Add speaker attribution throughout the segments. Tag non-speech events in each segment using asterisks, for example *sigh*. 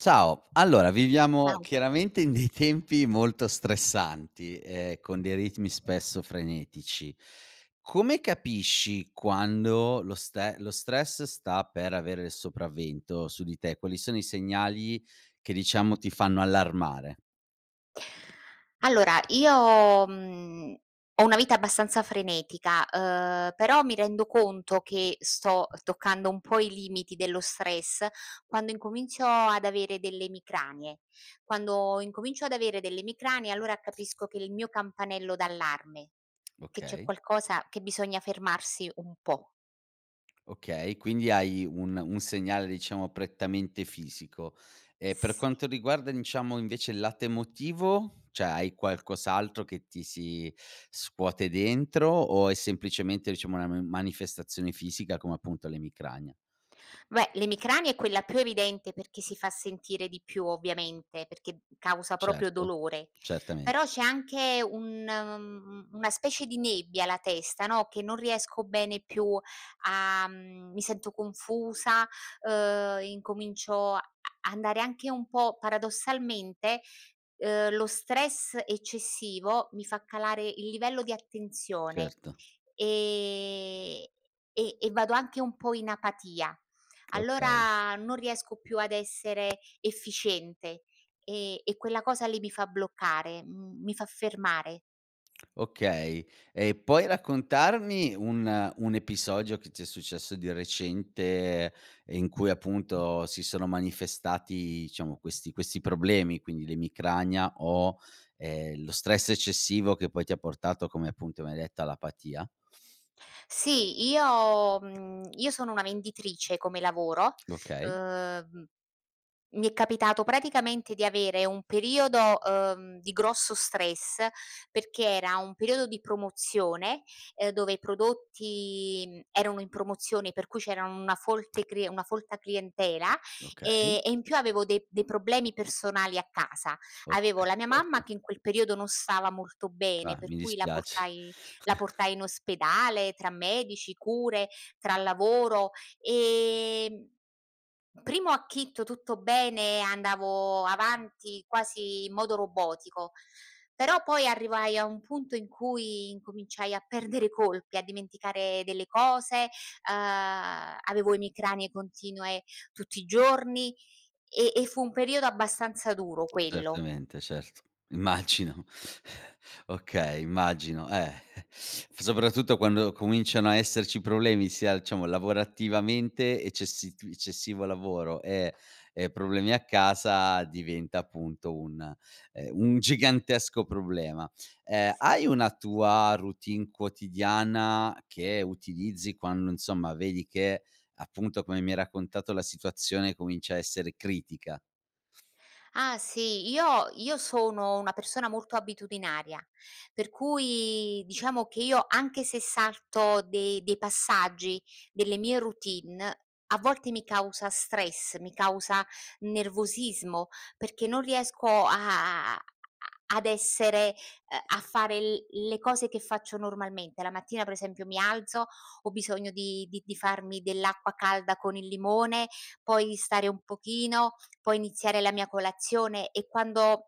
Speaker 1: Ciao, allora viviamo
Speaker 2: *unintelligible*
Speaker 1: chiaramente in dei tempi molto stressanti, ehm, con dei ritmi spesso frenetici. Come capisci quando lo ste lo stress sta per avere il sopravvento su di te? Quali sono i segnali che, diciamo, ti fanno allarmare?
Speaker 2: Allora, io, mhmm, ho una vita abbastanza frenetica, uhm, però mi rendo conto che sto toccando un po' i limiti dello stress quando incomincio ad avere delle emicranie. Quando incomincio ad avere delle emicranie allora capisco che è il mio campanello d'allarme,
Speaker 1: *tsk*
Speaker 2: che c'è
Speaker 1: Okay.
Speaker 2: qualcosa che bisogna fermarsi un po'.
Speaker 1: Okay, quindi hai un un segnale, diciamo, prettamente fisico. E per
Speaker 2: Sì.
Speaker 1: quanto riguarda, diciamo, invece il lato emotivo? Cioè hai qualcos'altro che ti si scuote dentro, o è semplicemente diciamo una ma manifestazione fisica come appunto l'emicrania?
Speaker 2: Beh l'emicrania è quella più evidente perchè si fa sentire di più, ovviamente, perché causa proprio
Speaker 1: Certo.
Speaker 2: dolore.
Speaker 1: Certamen
Speaker 2: Però c'è anche un mhmm, una specie di nebbia alla testa, no, che non riesco bene più a mhmm, mi sento confusa, uhm, incomincio a a andare anche un po' paradossalmente, uhm, lo stress eccessivo mi fa calare il livello di attenzione,
Speaker 1: Certo.
Speaker 2: ehm, e e vado anche un po' in apatia.
Speaker 1: Okay.
Speaker 2: Allora non riesco più ad essere efficiente, e e quella cosa lì mi fa bloccare, mhmm, mi fa fermare.
Speaker 1: Okay, e puoi raccontarmi un un episodio che ti è successo di recente, e in cui appunto si sono manifestati, diciamo, questi questi problemi? Quindi l'emicrania, o, ehm, lo stress eccessivo che poi ti ha portato come appunto mi hai detta all'apatia.
Speaker 2: Sì, io, mhmm, io sono una venditrice come lavoro,
Speaker 1: Okay.
Speaker 2: uhm, mi è capitato praticamente di avere un periodo, uhm, di grosso stress perché era un periodo di promozione, ehm dove i prodotti, mhmm, erano in promozione per cui c'era una folte crie una folta clientela,
Speaker 1: Okay.
Speaker 2: ehm, e in più avevo dei dei problemi personali a casa. Avevo
Speaker 1: Okay,
Speaker 2: la mia mamma
Speaker 1: certo.
Speaker 2: che in quel periodo non stava molto bene,
Speaker 1: Ah,
Speaker 2: per
Speaker 1: mi
Speaker 2: cui la
Speaker 1: dispiace.
Speaker 2: portai la
Speaker 1: *breath*
Speaker 2: portai in ospedale tra medici, cure, tra lavoro, e, mhmm, primo acchito tutto bene, andavo avanti quasi in modo robotico. Però poi arrivai a un punto in cui incominciai a perdere colpi, a dimenticare delle cose, uhm, avevo emicranie continue tutti i giorni, e e fu un periodo abbastanza duro quello.
Speaker 1: Certamente. Certo. Immagino. *breath* Okay, immagino, eh *chuckles* f soprattutto quando cominciano a esserci problemi sia diciamo lavorativamente, eccessi t eccessivo lavoro, e e problemi a casa, diventa appunto un, ehm, un gigantesco problema. Ehm,
Speaker 2: S
Speaker 1: hai una tua routine quotidiana che utilizzi quando, insomma, vedi che, appunto, come mi hai raccontato la situazione comincia a essere critica?
Speaker 2: Ah sì, io io sono una persona molto abitudinaria, per cui diciamo che io anche se salto dei dei passaggi delle mie routine, a volte mi causa stress, mi causa nervosismo, perché non riesco a a ad essere, ehm, a fare l le cose che faccio normalmente. La mattina per esempio mi alzo, ho bisogno di di di farmi dell'acqua calda con il limone, poi stare un pochino, poi iniziare la mia colazione e quando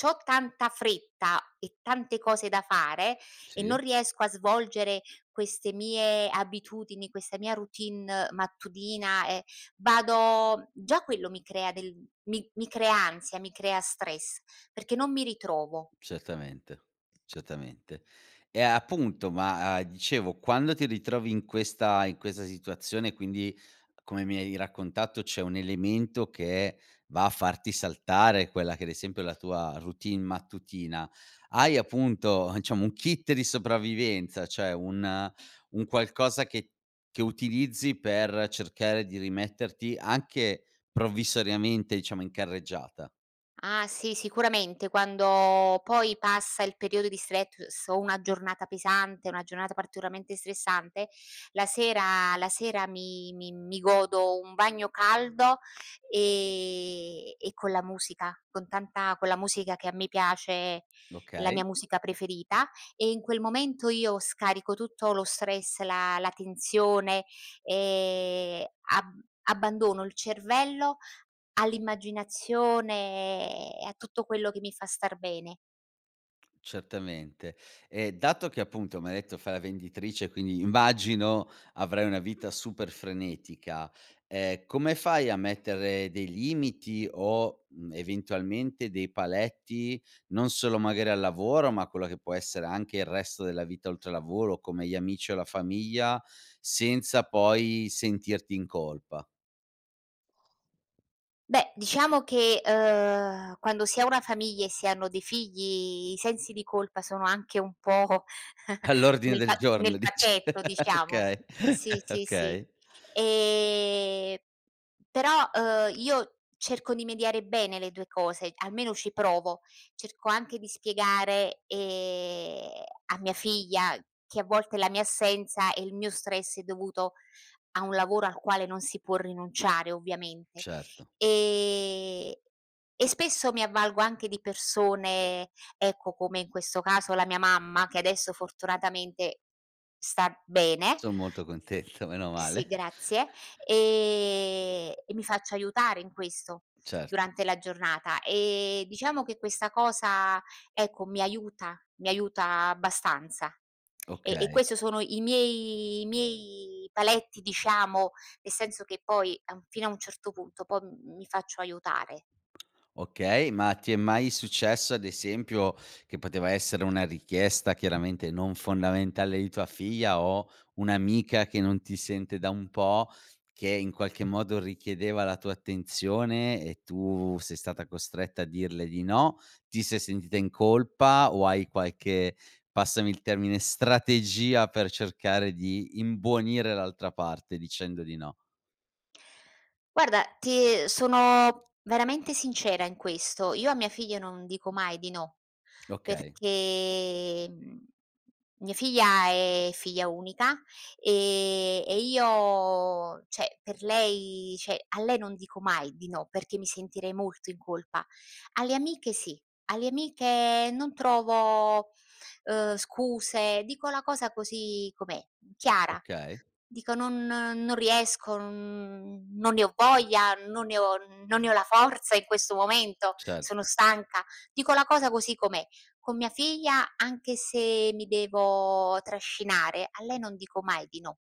Speaker 2: c'ho tanta fretta e tante cose da fare e non
Speaker 1: Sì.
Speaker 2: riesco a svolgere queste mie abitudini, questa mia routine mattutina, e vado già quello mi crea del mi mi crea ansia, mi crea stress, perché non mi ritrovo.
Speaker 1: Certamente. Certamente. Eh appunto ma, a dicevo, quando ti ritrovi in questa in questa situazione quindi, come mi hai raccontato, c'è un elemento che va a farti saltare quella che ad esempio è la tua routine mattutina, hai appunto, diciamo, un kit di sopravvivenza, cioè un un qualcosa che che utilizzi per cercare di rimetterti anche, provvisoriamente diciamo, in carreggiata?
Speaker 2: Ah, sì sicuramente quando poi passa il periodo di stress o una giornata pesante, una giornata particolarmente stressante, la sera la sera mi mi mi godo un bagno caldo e e con la musica, con tanta con la musica che a me piace, la
Speaker 1: Okay.
Speaker 2: mia musica preferita, e in quel momento io scarico tutto lo stress, la la tensione e ab abbandono il cervello all'immaginazione e a tutto quello che mi fa star bene.
Speaker 1: Certamente. Ehm, dato che, appunto, m'hai detto fai la venditrice e quindi immagino avrai una vita super frenetica, ehm, come fai a mettere dei limiti o, mhmm, eventualmente, dei paletti non solo magari al lavoro ma a quello che può essere anche il resto della vita oltre lavoro come gli amici o la famiglia, senza poi sentirti in colpa?
Speaker 2: Beh, diciamo che, uhm, quando si ha una famiglia e si hanno dei figli i sensi di colpa sono anche un pò *chuckles*
Speaker 1: All' ordine
Speaker 2: nel
Speaker 1: del
Speaker 2: pa nel
Speaker 1: giorno dici!
Speaker 2: pacchetto,
Speaker 1: *laughs*
Speaker 2: diciamo,
Speaker 1: Okay,
Speaker 2: sì,
Speaker 1: *chuckles*
Speaker 2: sì, sì.
Speaker 1: okay.
Speaker 2: Ehm, però, uhm, io cerco di mediare bene le due cose, almeno ci provo. Cerco anche di spiegare, ehm, a mia figlia che a volte la mia assenza e il mio stress è dovuto a un lavoro al quale non si può rinunciare, ovviamente.
Speaker 1: Certo.
Speaker 2: Ehm, e spesso mi avvalgo anche di persone, ecco, come in questo caso la mia mamma che adesso fortunatamente sta bene.
Speaker 1: Sono molto contento,
Speaker 2: Sì,
Speaker 1: menomale.
Speaker 2: grazie, ehm, e mi faccio aiutare in questo
Speaker 1: Certo.
Speaker 2: durante la giornata. E, diciamo, che questa cosa, ecco, mi aiuta mi aiuta abbastanza e e
Speaker 1: Okay.
Speaker 2: questo sono i miei i miei paletti, diciamo, nel senso che poi, a un fino a un certo punto poi mi faccio aiutare.
Speaker 1: Okay, ma ti è mai successo, ad esempio, che poteva essere una richiesta, chiaramente non fondamentale, di tua figlia o un'amica che non ti sente da un pò che in qualche modo richiedeva la tua attenzione e tu sei stata costretta a dirle di no, ti sei sentita in colpa, o hai qualche, passami il termine, strategia per cercare di imbonire l'altra parte dicendo di no?
Speaker 2: Guarda, ti sono veramente sincera in questo: io a mia figlia non dico mai di no.
Speaker 1: Okay.
Speaker 2: Perché, mhmm, mia figlia è figlia unica, e e io cioè per lei cioè a lei non dico mai di no, perché mi sentirei molto in colpa. Alle amiche sì, alle amiche non trovo, uhm, scuse dico la cosa così com'è chiara,
Speaker 1: Okay.
Speaker 2: dico: "Non non riesco, non non ne ho voglia, non ne ho non ne ho la forza in questo momento, sono
Speaker 1: Certo.
Speaker 2: stanca", dico la cosa così com'è. Con mia figlia, anche se mi devo trascinare, a lei non dico mai di no.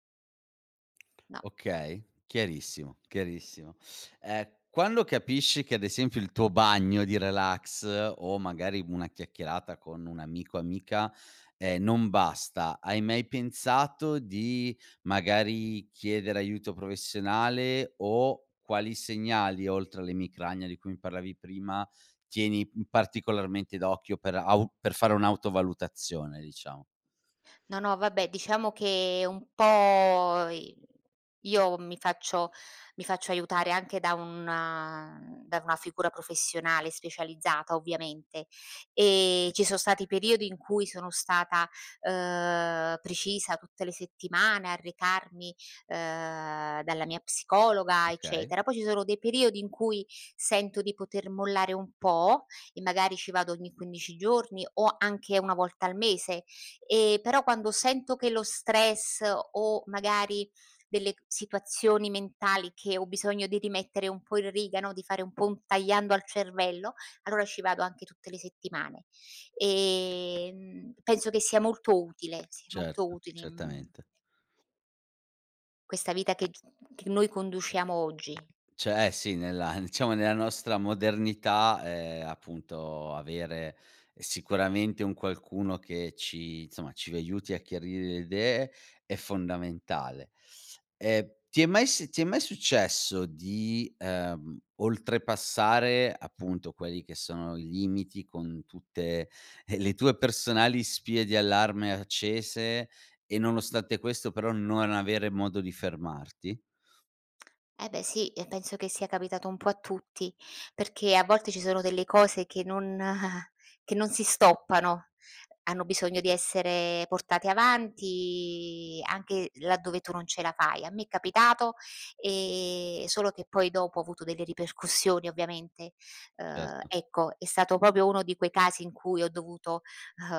Speaker 2: No.
Speaker 1: Okay, chiarissimo, chiarissimo. Ehm, quando capisci che ad esempio il tuo bagno di relax o, magari, una chiacchierata con un amico amica, ehm, non basta, hai mai pensato di magari chiedere aiuto professionale o quali segnali oltre all'emicrania, di cui mi parlavi prima, tieni, mhmm, particolarmente d'occhio per au per fare un'autovalutazione, diciamo?
Speaker 2: No, no vabbè diciamo che un pò i io mi faccio mi faccio aiutare anche da una da una figura professionale specializzata, ovviamente. Ehm, ci sono stati periodi in cui sono stata, uhm, precisa tutte le settimane a recarmi, uhm, dalla mia psicologa,
Speaker 1: Okay.
Speaker 2: eccetera. Poi ci sono dei periodi in cui sento di poter mollare un pò, e magari ci vado ogni 15 giorni o anche 1 volta al mese. Ehm, però quando sento che lo stress, o magari delle ch situazioni mentali che ho bisogno di rimettere un po' in riga, no, di fare un po' un tagliando al cervello allora ci vado anche tutte le settimane. Ehm, penso che sia molto utile sì molto
Speaker 1: Certo,
Speaker 2: utile in
Speaker 1: certamente.
Speaker 2: questa vita che g che noi conduciamo oggi.
Speaker 1: Cioè eh, sì nella *chuckles* diciamo nella nostra modernità, ehm, appunto avere sicuramente un qualcuno che ci, insomma, ci aiuti a chiarire le idee è fondamentale. Ehm, ti è mai si ti è mai successo di, ehm, oltrepassare appunto quelli che sono i limiti con tutte *chuckles* le tue personali spie di allarme accese, e nonostante questo, però, non avere modo di fermarti?
Speaker 2: Eh, beh sì e penso che sia capitato un po' a tutti. Perché a volte ci sono delle cose che non *chuckles* che non si stoppano, hanno bisogno di essere portate avanti anche laddove tu non ce la fai. A me è capitato, ehm, solo che poi dopo ho avuto delle ripercussioni ovviamente. Uhm,
Speaker 1: Erto.
Speaker 2: ecco è stato proprio uno di quei casi in cui ho dovuto, uhm,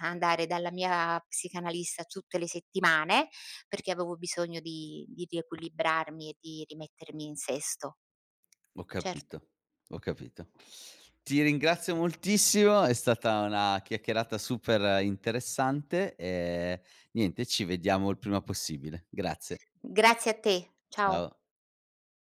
Speaker 2: andare dalla mia psicanalista tutte le settimane perché avevo bisogno di di riequilibrarmi e di rimettermi in sesto.
Speaker 1: Ho
Speaker 2: Certo.
Speaker 1: capito, ho capito. Ti ringrazio moltissimo. È stata una chiacchierata super interessante, ehm, niente ci vediamo il prima possibile, grazie.
Speaker 2: Grazie a te, ciao.
Speaker 1: Ciao.